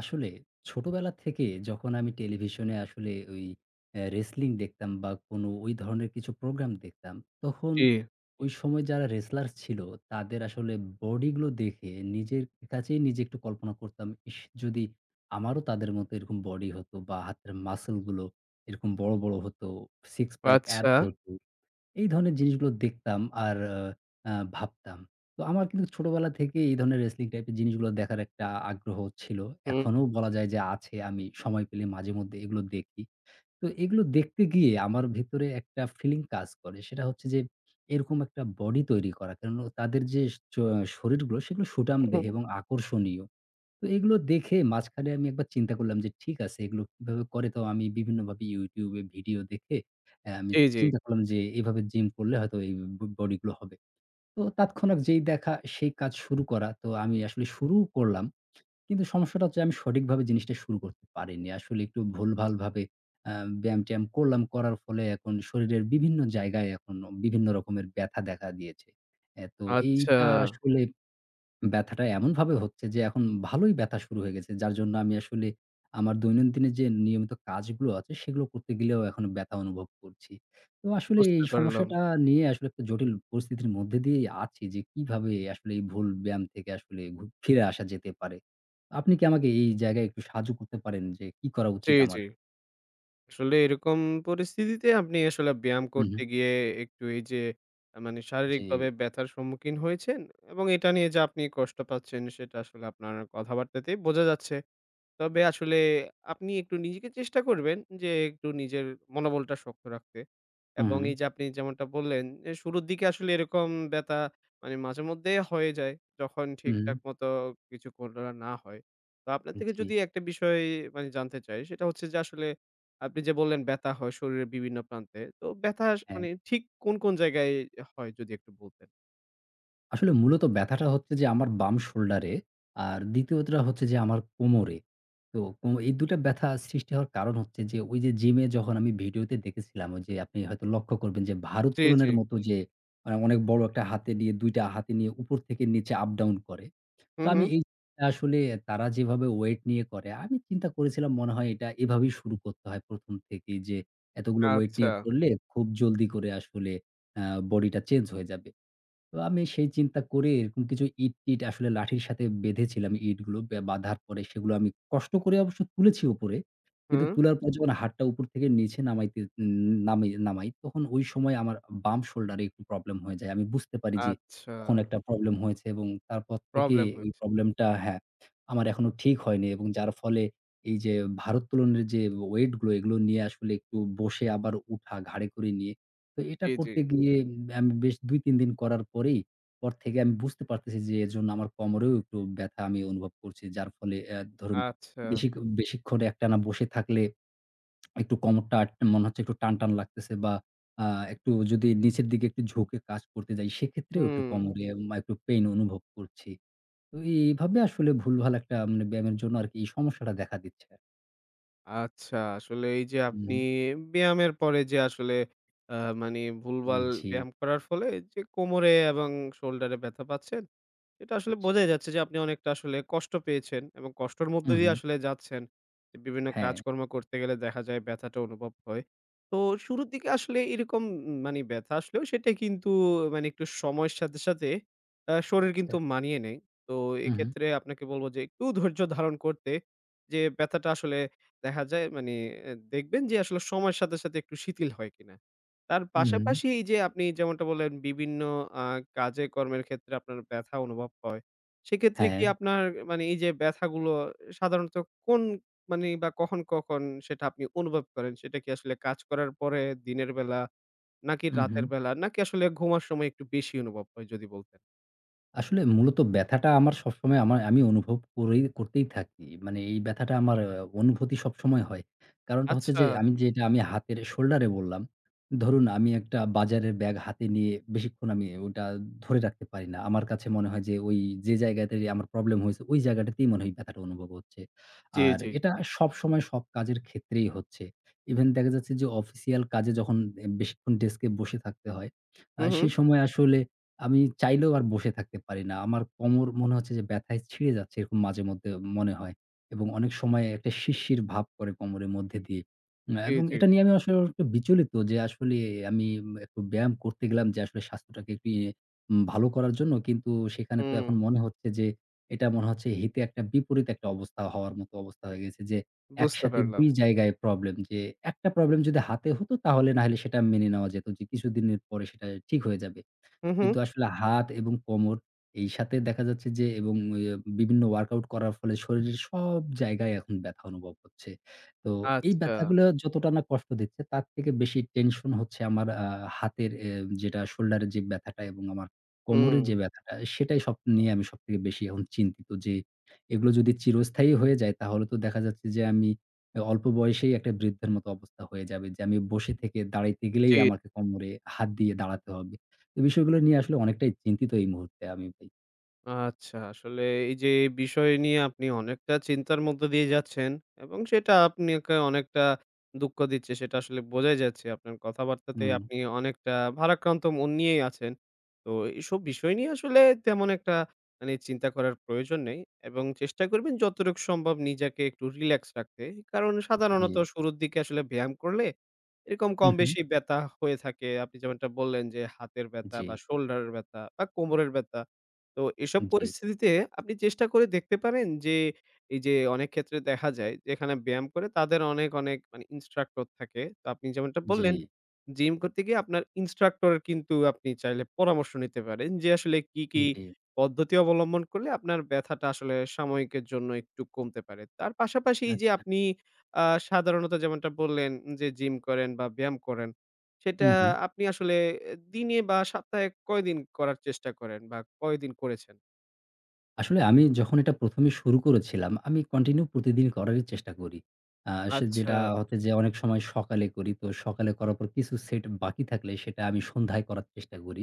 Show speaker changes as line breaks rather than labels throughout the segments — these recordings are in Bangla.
আসলে ছোটবেলা থেকে যখন আমি টেলিভিশনে আসলে ওই আ wrestling দেখতাম বা কোনো ওই ধরনের কিছু program দেখতাম তখন
জি।
ওই সময় যারা wrestlers ছিল তাদের আসলে body গুলো দেখে নিজের কাছেই নিজে একটু কল্পনা করতাম, "ইশ! যদি আমারও তাদের মতো এরকম body হতো বা হাতের muscle গুলো এরকম বড়, বড় হতো, 6 pack abs
আচ্ছা।
হতো।" এই ধরনের জিনিসগুলো দেখতাম আর আ ভাবতাম। তো আমার কিন্তু ছোটবেলা থেকেই এই ধরনের wrestling type এর জিনিসগুলা দেখার একটা আগ্রহ ছিল।
হুম।
এখনো বলা যায় যে আছে। আমি সময় পেলে মাঝেমধ্যে এগুলো দেখি। তো এগুলো দেখতে গিয়ে আমার ভেতরে একটা feeling কাজ করে। সেটা হচ্ছে যে, এরকম একটা body তৈরি করা। কারণ অ তাদের যে অ শরীরগুলো সেগুলো সুঠামদেহ
হুম।
এবং আকর্ষণীয়। তো এগুলো দেখে মাঝখানে আমি একবার চিন্তা করলাম যে ঠিক আছে এগুলো কিভাবে করে? তো আমি বিভিন্নভাবে YouTube এ video দেখে আ আমি
জি, জি।
চিন্তা করলাম যে এভাবে gym করলে হয়তোবা এই ব body গুলো হবে। তো তাৎক্ষণিক যেই দেখা সেই কাজ শুরু করা। তো আমি আসলে শুরুও করলাম। কিন্তু সমস্যাটা হচ্ছে আমি সঠিকভাবে জিনিসটা শুরু করতে পারিনি। আসলে একটু ভুলভালভাবে আ ব্যায়াম-ট্যায়াম করলাম। করার ফলে এখন শরীরের বিভিন্ন জায়গায় এখন বিভিন্ন রকমের ব্যথা দেখা দিয়েছে। এ তো
আচ্ছা।
এইটা আসলে ব্যথাটা এমনভাবে হচ্ছে যে এখন ভালোই ব্যথা শুরু হয়ে গেছে। যার জন্য আমি আসলে আমার দৈনন্দিনের যে নিয়মিত কাজগুলো আছে সেগুলো করতে গেলেও এখনও ব্যথা অনুভব করছি। তো আসলে
বুঝতে
এই
পারলাম।
সমস্যাটা নিয়ে আসলে একটা জটিল পরিস্থিতির মধ্যে দিয়েই আছি যে কিভাবে আসলে এই ভুল ব্যায়াম থেকে আসলে গ ফিরে আসা যেতে পারে। আপনি কি আমাকে এই জায়গায় একটু সাহায্য করতে পারেন যে কি করা
জি,
উচিত
জি।
আমার?
আসলে এরকম পরিস্থিতিতে আপনি আসলে ব্যায়াম
হুম,
করতে
হুম।
গিয়ে একটু এইযে মানে
জি।
শারীরিকভাবে ব্যথার সম্মুখীন হয়েছেন এবং এটা নিয়ে যা আপনি কষ্ট পাচ্ছেন সেটা আসলে আপনার কথাবার্তাতেই বোঝা যাচ্ছে। তবে আসলে আপনি একটু নিজেকে চেষ্টা করবেন যে একটু নিজের মনোবলটা শক্ত রাখতে
হুম,
এবং
হুম।
এইযে আপনি যেমনটা বললেন, এ শুরুর দিকে আসলে এরকম ব্যথা মানে মাঝেমধ্যেই হয়ে যায় যখন
হুম, হুম।
ঠিকঠাক মতো কিছু করা না হয়। তো আপনার
উ
থেকে যদি
জি।
একটা বিষয় মানে জানতে চাই সেটা হচ্ছে যে আসলে আপনি যে বললেন ব্যথা হয় শরীরের বিভিন্ন প্রান্তে, তো ব্যথা স
হ্যাঁ।
মানে ঠিক কোন, কোন জায়গায় হয় যদি একটু বলতেন?
আসলে মূলত ব্যথাটা হচ্ছে যে আমার বাম shoulder এ। আর ২য় টা হচ্ছে যে আমার কোমরে। তো কো এই ২ টা ব্যথা সৃষ্টি হওয়ার কারণ হচ্ছে যে, ওই যে gym এ যখন আমি video তে দেখেছিলাম ওইযে আপনি হয়তো লক্ষ্য করবেন যে
জি, জি।
ভারোত্তোলনের মতো যে অনেক বড় একটা হাতে নিয়ে ২ টা হাতে নিয়ে উপর থেকে নিচে up-down করে।
হু,
তো আমি
হুম।
এই আসলে তারা যেভাবে weight নিয়ে করে আমি চিন্তা করেছিলাম মনে হয় এটা এভাবেই শুরু করতে হয় ১ম থেকেই যে এতগুলো weight নিয়ে
আচ্ছা।
করলে খুব জলদি করে আসলে আ body টা change হয়ে যাবে। তো আমি সেই চিন্তা করে এরকম কিছু ইট-টিট আসলে লাঠির সাথে বেঁধেছিলাম। ইটগুলোকে বাঁধার পরে সেগুলো আমি কষ্ট করে অবশ্য তুলেছি উপরে। কিন্তু
হুম।
তোলার পর যখন হাতটা উপর থেকে নিচে নামাইতে ন নামাই তখন ওই সময় আমার বাম shoulder এ একটু problem হয়ে যায়। আমি বুঝতে পারি যে
আচ্ছা।
তখন একটা problem হয়েছে এবং তারপর থেকেই
Problem
ওই
হচ্ছে।
problem টা হ্যাঁ, আমার এখনো ঠিক হয়নি এবং যার ফলে এইযে ভারোত্তোলনের যে weight গুলো এগুলো নিয়ে আসলে একটু বসে আবার ওঠা ঘাড়ে করে নিয়ে, তো এটা
জি,
করতে
জি।
গিয়ে আমি বেশ ২ ৩ দিন করার পরেই, পর থেকে আমি বুঝতে পারতেছি যে এজন্য আমার কোমরেও একটু ব্যথা আমি অনুভব করছি। যার ফলে আ ধরুন
আচ্ছা।
বেশি বেশিক্ষণ একটানা বসে থাকলে একটু কোমরটা অ্যাট মনে হচ্ছে একটু টানটান লাগতেছে বা আ একটু যদি নিচের দিকে একটু ঝুঁকে কাজ করতে যাই সেক্ষেত্রেও একটু
হুম।
কোমরে [unintelligible] মা একটু pain অনুভব করছি। তো এইভাবে আসলে ভুলভাল একটা মানে ব্যায়ামের জন্য আরকি এই সমস্যাটা দেখা দিচ্ছে।
আচ্ছা, আসলে এইযে
উ
আপনি
হুম।
ব্যায়ামের পরে যে আসলে আ মানি
উ
ভুলভাল
জি।
ব্যায়াম করার ফলে যে কোমরে এবং shoulder-এ ব্যথা পাচ্ছেন, এটা আসলে বোঝাই যাচ্ছে যে আপনি অনেকটা আসলে কষ্ট পেয়েছেন। এবং কষ্টর মধ্য দিয়ে
উ-হুম।
আসলে যাচ্ছেন। বিভিন্ন
হ্যাঁ।
কাজকর্ম করতে গেলে দেখা যায় ব্যথাটা অনুভব হয়। তো শুরুর দিকে আসলে এরকম মানি ব্যথা আসলেও সেটা কিন্তু মানি একটু সময়ের সাথে, সাথে আ শরীর
আচ্ছা।
কিন্তু মানিয়ে নেয়। তো
হুম, হুম।
এক্ষেত্রে আপনাকে বলব যে একটু ধৈর্য ধারণ করতে। যে ব্যথাটা আসলে দেখা যায় মানি দেখবেন যে আসলে সময়ের সাথে, সাথে একটু শিথিল হয় কিনা। তার
হুম।
পাশাপাশি এইযে আপনি যেমনটা বললেন বিভিন্ন আ কাজে কর্মের ক্ষেত্রে আপনার ব্যথা অনুভব হয়, সেক্ষেত্রে কি
হ্যাঁ।
আপনার মানি এইযে ব্যথাগুলো সাধারণত কোন মানি বা কখন, কখন সেটা আপনি অনুভব করেন? সেটা কি আসলে কাজ করার পরে, দিনের বেলা নাকি
হুম, হুম।
রাতের বেলা নাকি আসলে ঘুমার সময় একটু বেশি অনুভব হয় যদি বলতেন?
আসলে মূলত ব্যথাটা আমার সবসময় আমার আমি অনুভব করেই করতেই থাকি। মানে এই ব্যথাটা আমার অনুভূতি সবসময় হয়। কারণটা হচ্ছে
আচ্ছা।
যে আমি যেটা আমি হাতের shoulder এ বললাম, ধরুন আমি একটা বাজারের ব্যাগ হাতে নিয়ে বেশিক্ষণ আমি ওটা ধরে রাখতে পারি না। আমার কাছে মনে হয় যে ওই যে জায়গাতে আমার problem হয়েছে ওই জায়গাটাতেই মনে হয় ব্যথাটা অনুভব হচ্ছে।
জি,
আর
জি।
এটা সবসময় সব কাজের ক্ষেত্রেই হচ্ছে। even দেখা যাচ্ছে যে official কাজে যখন এ বেশিক্ষণ desk এ বসে থাকতে হয়। আ
হুম, হুম।
সেই সময় আসলে আমি চাইলেও আর বসে থাকতে পারি না। আমার কোমর মনে হচ্ছে যে ব্যথায় ছিঁড়ে যাচ্ছে এরকম মাঝেমধ্যে মনে হয় এবং অনেক সময় একটা শিরশির ভাব করে কোমরের মধ্যে দিয়েই। আ
জি,
এবং
জি।
এটা নিয়ে আমি আস একটু বিচলিত যে আসলে আমি একটু ব্যায়াম করতে গেলাম যে আসলে স্বাস্থ্যটাকে একটু ইয়ে ভালো করার জন্য। কিন্তু সেখানে তো
হুম।
এখন মনে হচ্ছে যে এটা মনে হচ্ছে হিতে একটা বিপরীত একটা অবস্থা হওয়ার মতো অবস্থা হয়ে গেছে যে
বুঝতে
একসাথে
পারলাম।
২ জায়গায় problem। যে একটা problem যদি হাতে হতো তাহলে নাইলে সেটা মেনে নেওয়া যেত যে কিছুদিনের পরে সেটা ঠিক হয়ে যাবে।
হুম, হুম।
কিন্তু আসলে হাত এবং কোমর এইসাথে দেখা যাচ্ছে যে এবং এ বিভিন্ন workout করার ফলে শরীরের সব জায়গায় এখন ব্যথা অনুভব হচ্ছে। তো এই
আচ্ছা।
ব্যথাগুলা যতটা না কষ্ট দিচ্ছে তার থেকে বেশি tension হচ্ছে আমার আ হাতের এ যেটা shoulder এর যে ব্যথাটা এবং আমার কোমরের যে
হুম।
ব্যথাটা সেটাই সব নিয়ে আমি সবথেকে বেশি এখন চিন্তিত যে এগুলো যদি চিরস্থায়ী হয়ে যায় তাহলে তো দেখা যাচ্ছে যে আমি আ অল্প বয়সেই একটা বৃদ্ধের মতো অবস্থা হয়ে যাবে। যে আমি বসে থেকে দাঁড়াইতে গেলেই
জি।
আমাকে কোমরে হাত দিয়ে দাঁড়াতে হবে। এই বিষয়গুলো নিয়ে আসলে অনেকটাই চিন্তিত এই মুহূর্তে আমি ভাই।
আচ্ছা, আসলে এই যে বিষয় নিয়ে আপনি অনেকটা চিন্তার মধ্য দিয়ে যাচ্ছেন এবং সেটা আপনাকে অনেকটা দুঃখ দিচ্ছে সেটা আসলে বোঝাই যাচ্ছে। আপনার কথাবার্তাতেই
উম
আপনি অনেকটা ভারাক্রান্ত মন নিয়েই আছেন। তো এ এইসব বিষয় নিয়ে আসলে তেমন একটা মানে চিন্তা করার প্রয়োজন নেই এবং চেষ্টা করবেন যতটুকু সম্ভব নিজেকে একটু রিল্যাক্স রাখতে। কারণ
উপ
সাধারণত
জি।
শুরুর দিকে আসলে ব্যায়াম করলে এরকম,
হু,
কম
হু।
বেশি ব্যথা হয়ে থাকে। আপনি যেমনটা বললেন, যে হাতের ব্যথা বা
জি।
শোল্ডারের ব্যথা বা কোমরের ব্যথা। তো এসব
জি।
পরিস্থিতিতে আপনি চেষ্টা করে দেখতে পারেন যে, এই যে অনেক ক্ষেত্রে দেখা যায় যেখানে ব্যায়াম করে তাদের অনেক, অনেক মানে ইন্সট্রাক্টর থাকে। তো আপনি যেমনটা বললেন,
জি।
জিম করতে গিয়ে আপনার ইন্সট্রাক্টরের কিন্তু আপনি চাইলে পরামর্শ নিতে পারেন যে আসলে কি, কি
জি।
পদ্ধতি অবলম্বন করলে আপনার ব্যথাটা আসলে সাময়িকের জন্য একটু কমতে পারে। তার পাশাপাশি এই যে
আচ্ছা।
আপনি আ সাধারণত যেমনটা বললেন, যে জিম করেন বা ব্যায়াম করেন সেটা
উহু।
আপনি আসলে অ্যা দিনে বা সপ্তাহে কয়দিন করার চেষ্টা করেন বা কয়দিন করেছেন?
আসলে আমি যখন এটা ১ম এ শুরু করেছিলাম আমি continue প্রতিদিন করারই চেষ্টা করি। আ সে যেটা
আচ্ছা।
হচ্ছে যে অনেক সময় সকালে করি, তো সকালে করার পর কিছু set বাকি থাকলে সেটা আমি সন্ধ্যায় করার চেষ্টা করি।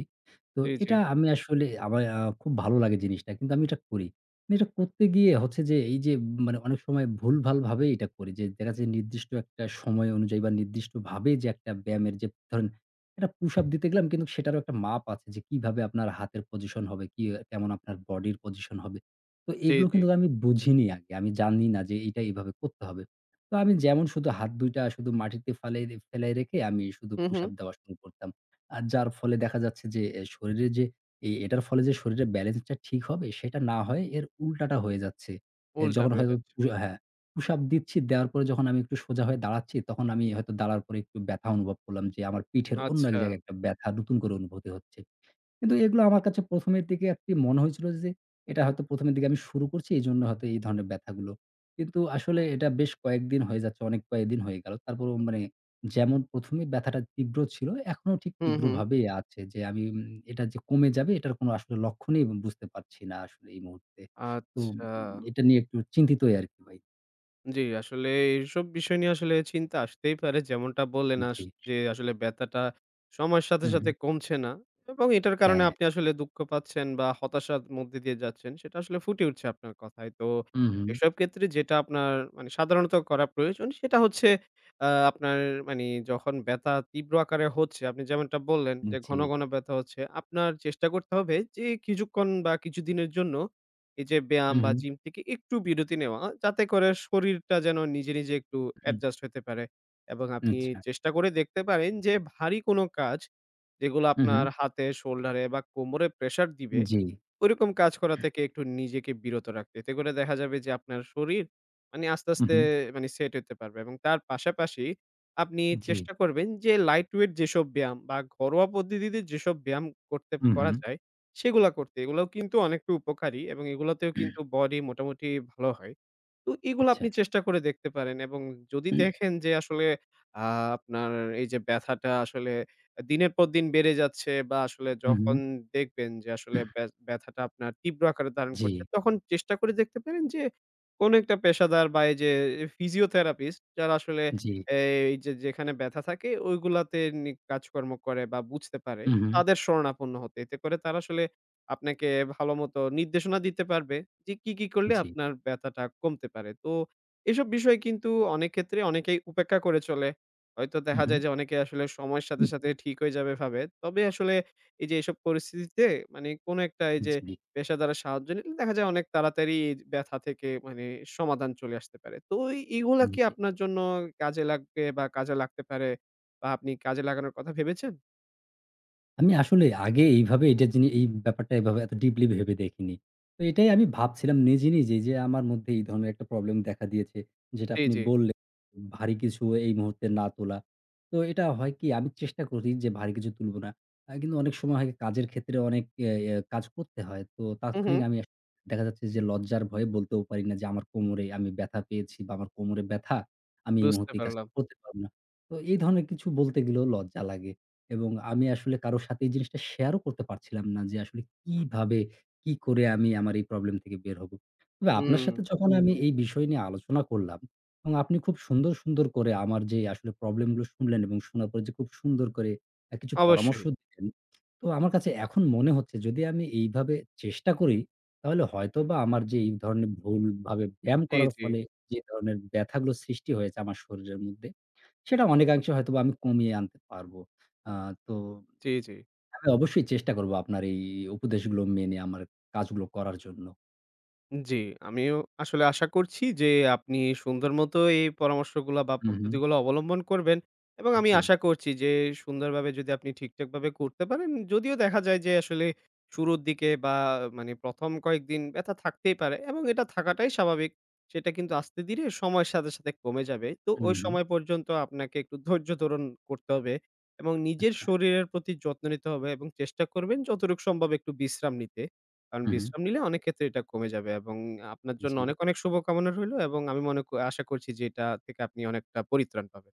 তো
জি, জি।
এটা আমি আসলে আমার খুব ভালো লাগে জিনিসটা কিন্তু আমি এটা করি। কিন্তু এটা করতে গিয়ে হচ্ছে যে, এই যে মানে অনেক সময় ভুলভাল ভাবেই এটা করি। যে দেখা যে নির্দিষ্ট একটা সময় অনুযায়ী বা নির্দিষ্টভাবে যে একটা ব্যায়ামের যে ধরেন একটা pushup দিতে গেলাম কিন্তু সেটারও একটা মাপ আছে যে কিভাবে আপনার হাতের position হবে, কি কেমন আপনার body র position হবে। তো
জি,
এগুলো
জি।
কিন্তু আমি বুঝিনি আগে। আমি জাননি না যে এইটা এইভাবে করতে হবে। তো আমি যেমন শুধু হাত ২ টা শুধু মাটিতে ফালাই ফেলাই রেখে আমি শুধু
হুম,
pushup
হুম।
দেওয়া শুরু করতাম। আর যার ফলে দেখা যাচ্ছে যে অ্যা শরীরের যে, এ এটার ফলে যে শরীরের balance টা ঠিক হবে সেটা না হয়ে এর উল্টাটা হয়ে যাচ্ছে। অ্যা
উল্টা
যখন
হয়ে
হয়তো
যাচ্ছে।
পু হ্যাঁ, pushup দিচ্ছি, দেওয়ার পরে যখন আমি একটু সোজা হয়ে দাঁড়াচ্ছি তখন আমি হয়তো দাঁড়ানোর পরে একটু ব্যথা অনুভব করলাম যে আমার পিঠের অন্য এক
আচ্ছা।
জায়গায় একটা ব্যথা নতুন করে অনুভূতি হচ্ছে। কিন্তু এগুলো আমার কাছে ১ম এর দিকে আরকি মনে হয়েছিল যে এটা হয়তো ১ম এর দিকে আমি শুরু করছি এজন্য হয়তো এই ধরনের ব্যথাগুলো। কিন্তু আসলে এটা বেশ কয়েকদিন হয়ে যাচ্ছে, অনেক কয়েকদিন হয়ে গেল তারপরও মানে যেমন ১ম এ ব্যথাটা তীব্র ছিল এখনো ঠিক
হুম, হুম।
তীব্রভাবেই আছে। যে আমি উম এটা যে কমে যাবে এটার কোন আসলে লক্ষণই এবং বুঝতে পারছি না আসলে এই মুহূর্তে। তো উম
আচ্ছা।
এটা নিয়ে একটু চিন্তিতই আর কি ভাই।
জি, আসলে এইসব বিষয় নিয়ে আসলে চিন্তা আসতেই পারে। যেমনটা বললেন, আস
জি।
যে আসলে ব্যথাটা সময়ের সাথে, সাথে
উ-হুম।
কমছে না এবং এটার কারণে
হ্যাঁ।
আপনি আসলে দুঃখ পাচ্ছেন বা হতাশার মধ্য দিয়ে যাচ্ছেন, সেটা আসলে ফুটে উঠছে আপনার কথায়। তো,
উ-হুম।
এসব ক্ষেত্রে যেটা আপনার মানে সাধারণত করা প্রয়োজন সেটা হচ্ছে, আ আপনার মানে যখন ব্যথা তীব্র আকারে হচ্ছে, আপনি যেমনটা বললেন,
উম
যে ঘন,
জি।
ঘন ব্যথা হচ্ছে, আপনার চেষ্টা করতে হবে যে, কিছুক্ষণ বা কিছুদিনের জন্য এই যে ব্যায়াম বা
উ-হুম।
জিম থেকে একটু বিরতি নেওয়া। যাতে করে শরীরটা যেন নিজে, নিজে একটু
হুম।
এডজাস্ট হইতে পারে এবং
উ
আপনি
আচ্ছা।
চেষ্টা করে দেখতে পারেন যে ভারী কোন কাজ, যেগুলো আপনার
উ-হুম।
হাতে, শোল্ডারে বা কোমরে প্রেশার দিবে,
উম জি।
ওইরকম কাজ করা থেকে একটু নিজেকে বিরত রাখ এতে করে দেখা যাবে যে আপনার শরীর মানে আস্তে, আস্তে
উ-হুম।
মানে সেট হইতে পারবে এবং তার পাশাপাশি, আপনি
জি।
চেষ্টা করবেন যে লাইট ওয়েট যেসব ব্যায়াম বা ঘরোয়া পদ্ধতিতে যেসব ব্যায়াম করতে করা
উ-হুম।
যায় সেগুলা করতে। এগুলাও কিন্তু অনেক উপকারী এবং এগুলোতেও কিন্তু বডি মোটামুটি ভালো হয়। তো, এগুলা
আচ্ছা।
আপনি চেষ্টা করে দেখতে পারেন এবং যদি দেখেন যে আসলে আ আপনার এই যে ব্যথাটা আসলে এ দিনের পর দিন বেড়ে যাচ্ছে বা আসলে যখন
উ-হুম।
দেখবেন যে আসলে ব্য ব্যথাটা আপনার তীব্র আকারে ধারণ করছে,
জি।
তখন চেষ্টা করে দেখতে পারেন যে কোন একটা পেশাদার বা এই যে এ ফিজিওথেরাপিস্ট যারা আসলে
জি।
এই যে যেখানে ব্যথা থাকে ওইগুলাতে নি কাজকর্ম করে বা বুঝতে পারে
উ-হুম।
তাদের শরণাপন্ন হতে। এতে করে তারা আসলে আপনাকে ভালোমতো নির্দেশনা দিতে পারবে যে কি, কি করলে
জি।
আপনার ব্যথাটা কমতে পারে। তো, এসব বিষয় কিন্তু অনেক ক্ষেত্রে অনেকেই উপেক্ষা করে চলে। হয়তো দেখা যায়
উ-হুম।
যে অনেকে আসলে সময়ের সাথে, সাথে ঠিক হয়ে যাবে ভাবে। তবে আসলে এই যে এসব পরিস্থিতিতে, মানে কোন একটা এই
উ
যে
জি।
পেশাদারের সাহায্য নিলে দেখা যায় অনেক তাড়াতাড়ি এজ ব্যথা থেকে মানে সমাধান চলে আসতে পারে। তো এ এইগুলা
উম
কি
জি।
আপনার জন্য কাজে লাগবে বা কাজে লাগতে পারে? বা আপনি কাজে লাগানোর কথা ভেবেছেন?
আমি আসলে আগে এইভাবে এটার জিনি এই ব্যাপারটা এইভাবে এত deeply ভেবে দেখিনি। তো এটাই আমি ভাবছিলাম নিজে, নিজেই যে আমার মধ্যে এই ধরনের একটা problem দেখা দিয়েছে যেটা
জি,
আপনি
জি।
বললেন, ভারী কিছু এই মুহূর্তে না তোলা। তো এটা হয় কি আমি চেষ্টা করি যে ভারী কিছু তুলবো না। অ্যা কিন্তু অনেক সময় হয় কাজের ক্ষেত্রে অনেক ইয়া ইয়া কাজ করতে হয়। তো
হুম,
তাৎক্ষণিক
হুম।
আমি এক দেখা যাচ্ছে যে লজ্জার ভয়ে বলতেও পারি না যে আমার কোমরে আমি ব্যথা পেয়েছি বা আমার কোমরে ব্যথা, আমি এই
বুঝতে
মুহূর্তে এই কাজটা
পারলাম।
করতে পারব না। তো এই ধরনের কিছু বলতে গেলেও লজ্জা লাগে এবং আমি আসলে কারো সাথে এই জিনিসটা share ও করতে পারছিলাম না যে আসলে কিভাবে, কি করে আমি আমার এই problem থেকে বের হব। তবে আপনার সাথে
উম
যখন আমি এই বিষয় নিয়ে আলোচনা করলাম এবং আপনি খুব সুন্দর, সুন্দর করে আমার যে আসলে problem গুলো শুনলেন এবং শোনার পরে যে খুব সুন্দর করে অ্যা কিছু পরামর্শ
অবশ্যই।
দিলেন, তো আমার কাছে এখন মনে হচ্ছে যদি আমি এইভাবে চেষ্টা করি তাহলে হয়তোবা আমার যে এই ধরনের ভুলভাবে ব্যায়াম
জি,
করার
জি।
ফলে যে ধরনের ব্যথাগুলো সৃষ্টি হয়েছে আমার শরীরের মধ্যে সেটা অনেকাংশে হয়তোবা আমি কমিয়ে আনতে পারব। আ তো
জি, জি।
হ্যাঁ, অবশ্যই চেষ্টা করব আপনার এই উপদেশগুলো মেনে আমার কাজগুলো করার জন্য।
জি,
জি।
আমিও আসলে আশা করছি যে আপনি সুন্দর মতো এই পরামর্শগুলা বা
উহু।
পদ্ধতিগুলা অবলম্বন করবেন এবং আমি
জি।
আশা করছি যে সুন্দরভাবে যদি আপনি ঠিকঠাকভাবে করতে পারেন, যদিও দেখা যায় যে আসলে শুরুর দিকে বা মানে ১ম কয়েকদিন ব্যথা থাকতেই পারে এবং এটা থাকাটাই স্বাভাবিক। সেটা কিন্তু আস্তে ধীরে সময়ের সাথে, সাথে কমে যাবে। তো ওই
উহু।
সময় পর্যন্ত আপনাকে একটু ধৈর্য্য ধারণ করতে হবে এবং নিজের
আচ্ছা।
শরীরের প্রতি যত্ন নিতে হবে এবং চেষ্টা করবেন যতটুকু সম্ভব একটু বিশ্রাম নিতে। কারণ
উহু।
বিশ্রাম নিলে অনেক ক্ষেত্রে এটা কমে যাবে এবং আপনার জন্য
জি।
অনেক, অনেক শুভকামনা রইল এবং আমি মনে করি আশা করছি যে এটা থেকে আপনি অনেকটা পরিত্রাণ পাবেন।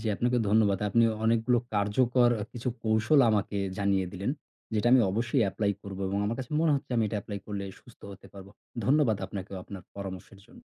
জি, আপনাকে ধন্যবাদ। আপনি অনেকগুলো কার্যকর কিছু কৌশল আমাকে জানিয়ে দিলেন যেটা আমি অবশ্যই apply করব এবং আমার কাছে মনে হচ্ছে আমি এটা apply করলে সুস্থ হতে পারব। ধন্যবাদ আপনাকেও আপনার পরামর্শের জন্য।